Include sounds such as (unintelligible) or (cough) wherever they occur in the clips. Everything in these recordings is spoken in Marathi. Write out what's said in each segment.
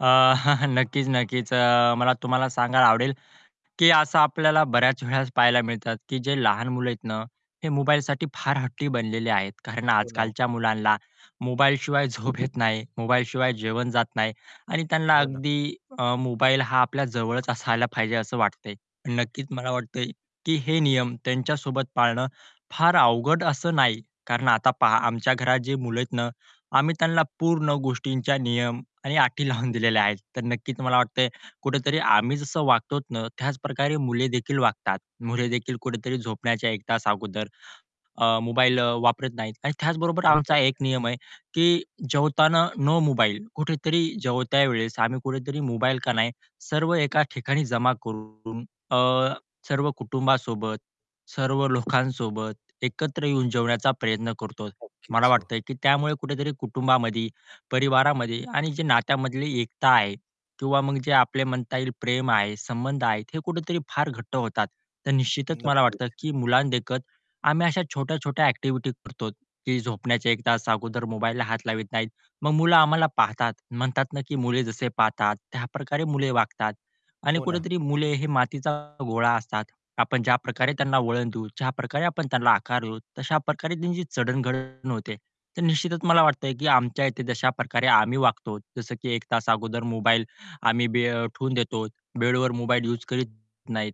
अ, (chuckles) नक्कीच, नक्कीच. अ, मला तुम्हाला सांगायला आवडेल, की असं आपल्याला बऱ्याच (chuckles) वेळेस पाहायला मिळतात की जे लहान मुलं आहेत ना, हे मोबाईलसाठी फार हट्टी बनलेले आहेत, कारण हो ना, ओ. आजकालच्या मुलांना मोबाईलशिवाय झोप येत नाही मोबाईलशिवाय जेवण जात नाही आणि त्यांना हो ना. अगदी मोबाईल हा आपल्या जवळच असायला पाहिजे असं वाटतंय. नक्कीच मला वाटतंय, की हे नियम त्यांच्यासोबत पाळणं, फार अवघड असं नाही. कारण आता पहा आमच्या घरात जे मुलं आहेत ना, आम्ही त्यांना पूर्ण गोष्टींचा नियम आणि अटी लावून दिलेले आहेत. तर नक्कीच तुम्हाला वाटतंय कुठेतरी आम्ही जसं वागतो ना, त्याच प्रकारे मुले देखील वागतात. मुले देखील कुठेतरी झोपण्याच्या 1 तास अगोदर, अ, मोबाईल वापरत नाहीत आणि त्याचबरोबर आमचा एक (unintelligible) नियम आहे, की जेवताना नो मोबाईल कुठेतरी जेवता वेळेस आम्ही कुठेतरी मोबाईल का नाही, सर्व एका ठिकाणी जमा करून, अ, सर्व कुटुंबासोबत, सर्व लोकांसोबत एकत्र येऊन जेवण्याचा प्रयत्न करतो. मला नक्कीच. हो. वाटतंय की त्यामुळे कुठेतरी कुटुंबामध्ये, परिवारामध्ये आणि जी नात्यामधली एकता आहे किंवा मग जे आपले म्हणता येईल प्रेम आहे, संबंध आहे हे कुठेतरी फार घट्ट होतात. तर निश्चितच मला नक्कीच. वाटतं की मुलांना देखत, आम्ही अशा छोट्या-छोट्या ॲक्टिव्हिटी करतो, की झोपण्याच्या 1 तास अगोदर मोबाईलला हात लावीत नाहीत. मग मुलं आम्हाला पाहतात, म्हणतात ना की मुले जसे पाहतात त्याप्रकारे मुले वागतात आणि हो ना. कुठेतरी मुले हे मातीचा गोळा असतात, आपण ज्या प्रकारे त्यांना वळणं देऊ, ज्या प्रकारे आपण त्यांना आकार देऊ, तशा प्रकारे त्यांची चढण घढण होते. तर निश्चितच मला वाटतंय की आमच्या इथे तशा प्रकारे आम्ही वागतो, जसं की 1 तास अगोदर मोबाईल आम्ही बे ठेवून देतो. बेडवर मोबाईल यूज करीत नाहीत,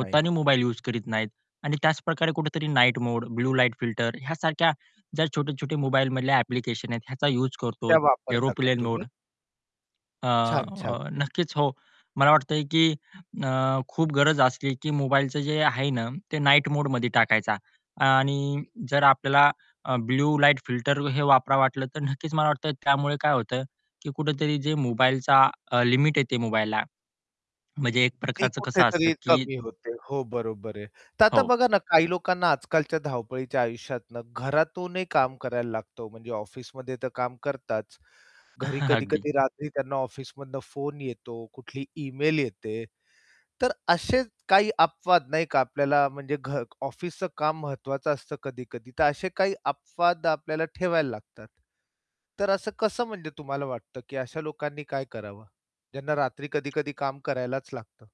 नाही. मोबाईल यूज करीत नाहीत. आणि त्याच प्रकारे कुठेतरी night mode, blue light filter यासारख्या ज्या छोटे-छोटे मोबाईलमधल्या ॲप्लिकेशन आहेत ह्याचा यूज करतो, त्या वापरता का एरोप्लेन मोड तुम्ही? छान, छान, अ, छान. नक्कीच, हो. मला वाटतंय की अ, खूप गरज असली की मोबाईलचं जे आहे ना, ते नाईट मोडमध्ये टाकायचा आणि जर आपल्याला ब्लू लाईट फिल्टर हे वापरावं वाटलं, तर नक्कीच मला वाटतं त्यामुळे काय होतं, की कुठेतरी जे मोबाईलचा लिमिट येते मोबाईलला म्हणजे एक ती प्रकारचं कसं असतं कुठेतरी की कमी होते. हो, बरोबर आहे. तर आता हो. बघा ना, काही लोकांना आजकालच्या धावपळीच्या आयुष्यातन घरातूनही काम करायला लागतो, म्हणजे ऑफिसमध्ये तर काम करताच, घरी (chuckles) अगदी. कधी-कधी रात्री त्यांना ऑफिसमधनं फोन येतो, कुठली ईमेल येते. तर असेच काही अपवाद नाही का, आपल्याला म्हणजे घ ऑफिसच काम महत्वाचं असतं कधी-कधी तर असे काही अपवाद आपल्याला ठेवायला लागतात. तर असं कसं म्हणजे तुम्हाला वाटतं की अशा लोकांनी काय करावं? ज्यांना रात्री कधी-कधी काम करायलाच लागतं.